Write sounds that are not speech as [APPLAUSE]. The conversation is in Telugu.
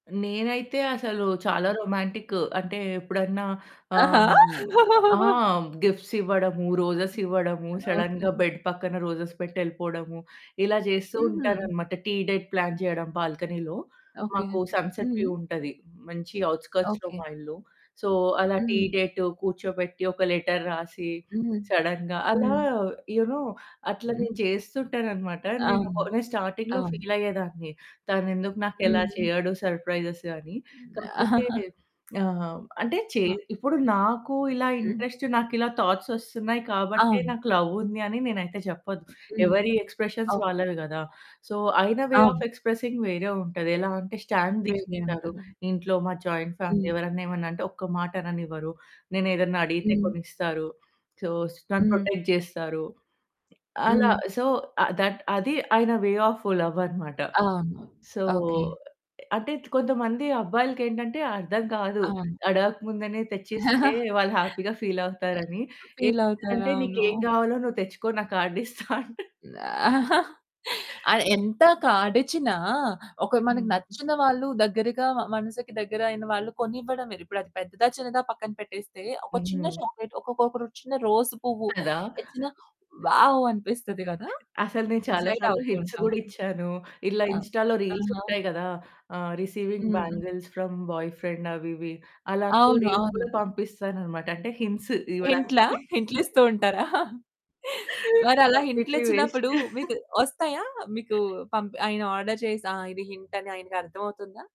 నేనైతే అసలు చాలా రొమాంటికు, అంటే ఎప్పుడన్నా ఆహా! ఆహ్, ఆ! [CHUCKLES] గిఫ్ట్స్ ఇవ్వడము, రోజెస్ ఇవ్వడము, ఓకె. సడెన్‌గా బెడ్ పక్కన రోజెస్ పెట్టి ఎళ్ళిపోవడము, ఇలా జేస్తూ హుహు. ఉంటాననమాట. టీ డేట్ ప్లాన్ చేయడం బాల్కనీలో, ఓకె. మాకు సన్‌సెట్ వ్యూ హ్మ్. ఉంటది. మంచి ఔట్‌స్కర్ట్స్‌లో ఓకె. మా ఇల్లు. సో అలా టీ హ్మ్. డేట్ కూర్చోబెట్టి, ఒక లెటర్ రాసి, హ్మ్. సడెన్‌గా అలా హ్మ్. యూ నో అట్లా హ్మ్. నేను చేస్తుంటాననమాట. నేను ఒక అవును. నేను స్టార్టింగ్‌లో అవును. ఫీల్ అయ్యేదాన్ని, తనెందుకు నాకు ఇలా హ్మ్. చేయడు, సర్‌ప్రైజెస్ అని. హ్మ్. కాకపోతే [CHUCKLES] ఆహ్, అంటే చే ఆ! ఇప్పుడు నాకు ఇలా హ్మ్. ఇంట్రెస్ట్, నాకిలా థాట్స్ వస్తున్నాయి కాబట్టే అవును. నాకు లవ్ ఉంది అని నేనైతే చెప్పద్దు. హ్మ్. ఎవరి ఎక్స్‌ప్రెషన్స్ ఓకె. వాళ్ళవి గదా! సో ఆయన వే అవును. ఆఫ్ ఎక్స్‌ప్రెసింగ్ వేరే ఉంటది. ఎలా అంటే స్టాండ్ వేరే తీసుకుంటారు. ఉంటది. ఇంట్లో మాది జాయింట్ ఫ్యామిలీ. హ్మ్. ఎవరైనా, ఏమన్నా అంటే ఒక్క మాట అననివ్వరు. నేనేదన్నా అడిగితే హ్మ్. కొనిస్తారు. సో స్ నన్ను హ్మ్. ప్రొటెక్ట్ జేస్తారు. అలా హ్మ్. సో, దట్ అది ఆయన వే ఆఫ్ లవ్ అనమాట. అవును. So, okay. అంటే కొంతమంది అబ్బాయిలకేంటంటే అర్థం కాదు. అవును. అడగక ముందనే తెచ్చిస్తే [CHUCKLES] వాళ్ళు హ్యాపీగా ఫీల్ అవుతారని. ఫీల్ అవుతారు. ఏంటిదంటే, అవును. "నీకేం గావాలో నువ్వు తెచ్చుకో నా కార్డ్ ఇస్తా." అంటారు. [LAUGHS] ఆ! ఎంత కాడిచిన ఒక మనకు హ్మ్. నచ్చిన వాళ్ళు దగ్గరగా మనసుకి దగ్గరయిన వాళ్ళు కొనివ్వడమే, ఇప్పుడది పెద్దదా, చిన్నదా పక్కన పెట్టేస్తే ఒక చిన్న హ్మ్. చాక్లేట్, ఒకొక ఒక రోజు చిన్న రోసు పువ్వు కదా! ఇచ్చినా వావ్! అనిపిస్తది కదా! అసలు నేను చాలా ఎక్సైట్ సార్లు అవుతూ హింట్స్ ఉంటాం. గూడా ఇచ్చాను. ఇలా ఆ! ఇన్‌స్టాలో రీల్స్ ఆహా! ఉంటాయి గదా! ఆహ్, రిసీవింగ్ హుహు. బ్యాంగిల్స్ ఫ్రమ్ బాయ్‌ఫ్రెండ్ అవి ఇవి, అలాంటివి అవును. రీల్స్ కూడా అవును. పంపిస్తాననమాట. అంటే హింట్స్ ఇవ్వడానికి. హింట్లా? [CHUCKLES] హింట్లిస్తూ ఉంటారా? మరి అలా కంప్లీట్‌లీ వేస్ట్. హింట్లిచ్చినప్పుడు [CHUCKLES] మీకు వస్తాయా మీకు పంప్ ఆయన ఆర్డర్ చేసి, ఆ! ఇది హింట్ అని ఆయనకి అర్థం అవుతుందా?